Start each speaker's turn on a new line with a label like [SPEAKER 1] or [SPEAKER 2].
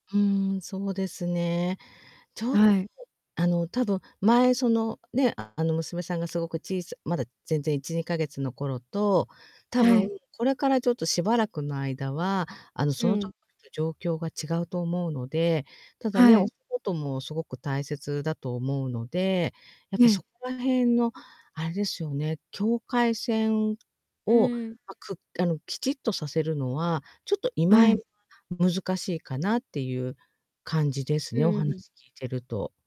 [SPEAKER 1] うん、そうですね。ちょっと、
[SPEAKER 2] はい。
[SPEAKER 1] あの、多分前その、ね、あ、あの、娘さんがすごくちいさまだ全然1、2か月の頃と、多
[SPEAKER 2] は
[SPEAKER 1] 分
[SPEAKER 2] い。
[SPEAKER 1] これからちょっとしばらくの間は、あの、そ
[SPEAKER 2] う
[SPEAKER 1] の時
[SPEAKER 2] ん。
[SPEAKER 1] の状況が違うと思うので。ただね、
[SPEAKER 2] は
[SPEAKER 1] お
[SPEAKER 2] い。
[SPEAKER 1] 仕事もすごく大切だと思うので、やっ
[SPEAKER 2] え
[SPEAKER 1] ぱ
[SPEAKER 2] え。
[SPEAKER 1] そこら辺のあれですよね、境界線
[SPEAKER 2] う
[SPEAKER 1] を、
[SPEAKER 2] ん。
[SPEAKER 1] ま、くあの、きちっとさせるのは、ちょっと今
[SPEAKER 2] はい。
[SPEAKER 1] 難しいかなっていう感じです
[SPEAKER 2] う
[SPEAKER 1] ね、お
[SPEAKER 2] ん。
[SPEAKER 1] 話聞いてると。